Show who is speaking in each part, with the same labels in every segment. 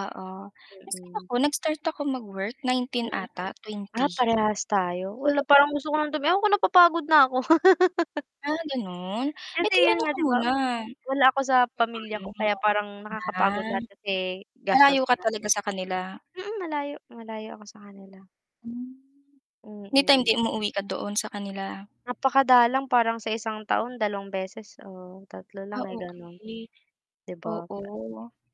Speaker 1: Oo, kasi
Speaker 2: Mm.
Speaker 1: ako nag-start ako mag-work 19
Speaker 2: Mm,
Speaker 1: ata,
Speaker 2: ah,
Speaker 1: 20.
Speaker 2: parehas tayo, wala parang
Speaker 1: Oo.
Speaker 2: gusto ko ng tumi ewan kung napapagod na ako.
Speaker 1: Ah, ganon eh
Speaker 2: Kasi
Speaker 1: 'di
Speaker 2: yun
Speaker 1: ano
Speaker 2: nga,
Speaker 1: ka
Speaker 2: 'di ba?
Speaker 1: muna
Speaker 2: Wala ako sa pamilya ko
Speaker 1: [unintelligible]
Speaker 2: kaya parang nakakapagod
Speaker 1: yan.
Speaker 2: lahat kasi gastos,
Speaker 1: Malayo ka
Speaker 2: lahat
Speaker 1: talaga
Speaker 2: 'yun.
Speaker 1: sa kanila.
Speaker 2: Mm, malayo, malayo ako sa kanila.
Speaker 1: Hmm. May time
Speaker 2: Mm.
Speaker 1: 'di umuuwi ka doon sa kanila?
Speaker 2: Napakadalang parang sa 1 taon, 2 beses o 3 lang
Speaker 1: Ah,
Speaker 2: eh, ganun.
Speaker 1: okey.
Speaker 2: 'Di ba?
Speaker 1: Oo,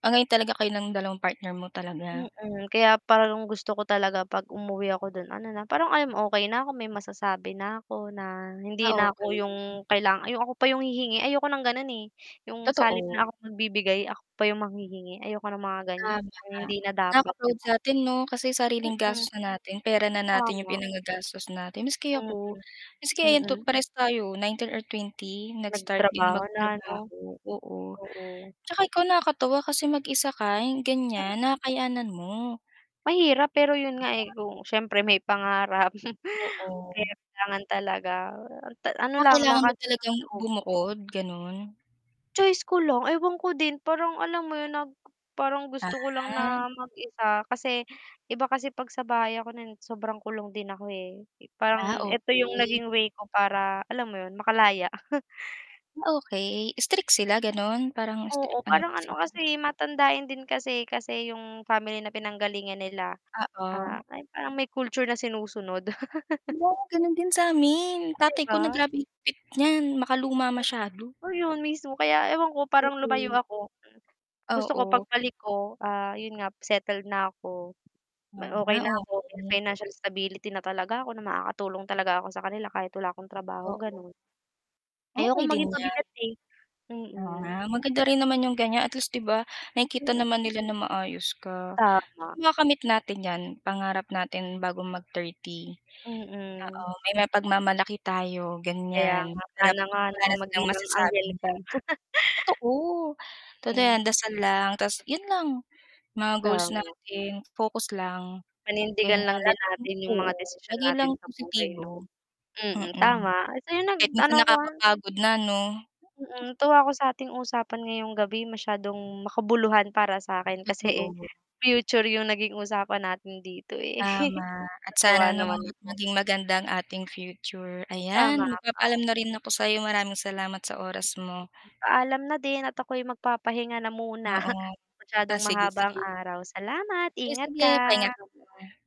Speaker 1: ah, ngayon talaga kayo ng 2 partner mo talaga?
Speaker 2: Mm, kaya parang gusto ko talaga, 'pag umuwi ako dun ano na, parang, um, okey na ako may masasabi na ako na
Speaker 1: Ah,
Speaker 2: hindi na ako
Speaker 1: okey.
Speaker 2: yung kaila ay ako pa yung hihingi. Ayoko ng ganun, eh, yung sa halip
Speaker 1: Totoo.
Speaker 2: na akong magbibigay, ako pa yung manghihingi ayoko ng mga ganyan
Speaker 1: Tama,
Speaker 2: hindi na dapat, 'di
Speaker 1: naka-proud
Speaker 2: ba?
Speaker 1: sa'tin 'no? Kasi sariling gastos
Speaker 2: Mm.
Speaker 1: na natin, pera na natin 'yong
Speaker 2: Tama.
Speaker 1: pinangagastos natin. Maski
Speaker 2: Mm,
Speaker 1: ako, maski ayan to
Speaker 2: mm.
Speaker 1: parehas tayo, 19 or 20 nag-start din
Speaker 2: Nagtrabaho na 'no?
Speaker 1: magtrabaho oo.
Speaker 2: Oo.
Speaker 1: 'Tsaka ikaw nakakatuwa kasi mag-isa ka 'yung
Speaker 2: Mm.
Speaker 1: ganyan nakakayanan mo.
Speaker 2: Mahirap pero 'yun nga, eh, kung siyempre may pangarap
Speaker 1: Oo.
Speaker 2: kaya kailangan talaga ta ano
Speaker 1: Ah,
Speaker 2: lang
Speaker 1: kailangan mo
Speaker 2: lakasan ng
Speaker 1: talagang
Speaker 2: loob.
Speaker 1: bumukod, ganun?
Speaker 2: Choice ko lang, ewan ko din parang alam mo yun na parang gusto ko lang
Speaker 1: Ah.
Speaker 2: na mag-isa kasi iba kasi 'pag sa bahay ako na sobrang kulong din ako, eh.
Speaker 1: Ah,
Speaker 2: Parang eto yung
Speaker 1: okey.
Speaker 2: naging way ko para alam mo yun, makalaya.
Speaker 1: Ah, okey. Strict sila ganon parang str
Speaker 2: Oo,
Speaker 1: ano
Speaker 2: parang
Speaker 1: ba
Speaker 2: ano
Speaker 1: sila?
Speaker 2: kasi matandain din kasi kasi yung family na pinanggalingan nila,
Speaker 1: Oo.
Speaker 2: ah, ay parang may culture na sinusunod.
Speaker 1: Hala, ganun din samin.
Speaker 2: 'Di
Speaker 1: Tatay ko na
Speaker 2: ba?
Speaker 1: grabe higpit niyan, makaluma masyado.
Speaker 2: Ayun, mismo. Kaya ewan ko parang lumayo
Speaker 1: Mm.
Speaker 2: ako. Gusto ko
Speaker 1: Oo.
Speaker 2: pagbalik ko, ah, yun nga settled na ako, na okey
Speaker 1: Ah,
Speaker 2: na ako, may
Speaker 1: okey.
Speaker 2: financial stability na talaga ako, na makakatulong talaga ako sa kanila kahit wala akong trabaho,
Speaker 1: Oo.
Speaker 2: ganon.
Speaker 1: Okey
Speaker 2: Ayokong
Speaker 1: din
Speaker 2: maging
Speaker 1: yan.
Speaker 2: pabigat eh,
Speaker 1: Oo nga,
Speaker 2: mm.
Speaker 1: maganda rin naman yung ganyan, at least, 'di ba, nakikita
Speaker 2: Mm.
Speaker 1: naman nila na maayos ka.
Speaker 2: Tama.
Speaker 1: Makakamit natin yan, pangarap natin bago mag-30.
Speaker 2: Mm.
Speaker 1: Oo, may mapagmamalaki tayo
Speaker 2: Kaya
Speaker 1: ganyan,
Speaker 2: nga,
Speaker 1: parap
Speaker 2: sana nga,
Speaker 1: wala
Speaker 2: 'no,
Speaker 1: na silang masasabi
Speaker 2: magdilang-anghel ka.
Speaker 1: niyan. Totoo, totoo
Speaker 2: Hmm.
Speaker 1: yan, dasal lang, tas yun lang. Mga goals
Speaker 2: Tama.
Speaker 1: natin focus lang, ganyan
Speaker 2: Panindigan lang din
Speaker 1: laging
Speaker 2: natin yung
Speaker 1: oo,
Speaker 2: mga desisyon
Speaker 1: lagi lang
Speaker 2: natin sa buhay, 'no.
Speaker 1: positibo,
Speaker 2: Mm,
Speaker 1: mm,
Speaker 2: tama so 'yun
Speaker 1: kahit minsan
Speaker 2: nag-ano ko, ah.
Speaker 1: nakakapagod na 'no?
Speaker 2: Mm, tuwa ako sa atin usapan ngayong gabi masyadong makabuluhan para sa'kin kasi, eh,
Speaker 1: Totoo.
Speaker 2: future yung naging usapan natin dito, eh,
Speaker 1: Tama at
Speaker 2: natuwa
Speaker 1: sana, 'no,
Speaker 2: naman ako.
Speaker 1: maging maganda ang ating future.
Speaker 2: Tama
Speaker 1: Ayan, magpapaalam
Speaker 2: ka.
Speaker 1: na rin ako sa'yo. Maraming salamat sa oras mo.
Speaker 2: Paalam na din at ako'y magpapahinga na muna
Speaker 1: Oo,
Speaker 2: masyadong
Speaker 1: ah, sige,
Speaker 2: mahaba ang
Speaker 1: sige.
Speaker 2: araw. Salamat,
Speaker 1: Ay,
Speaker 2: ingat
Speaker 1: sige pahinga
Speaker 2: ka.
Speaker 1: ka muna.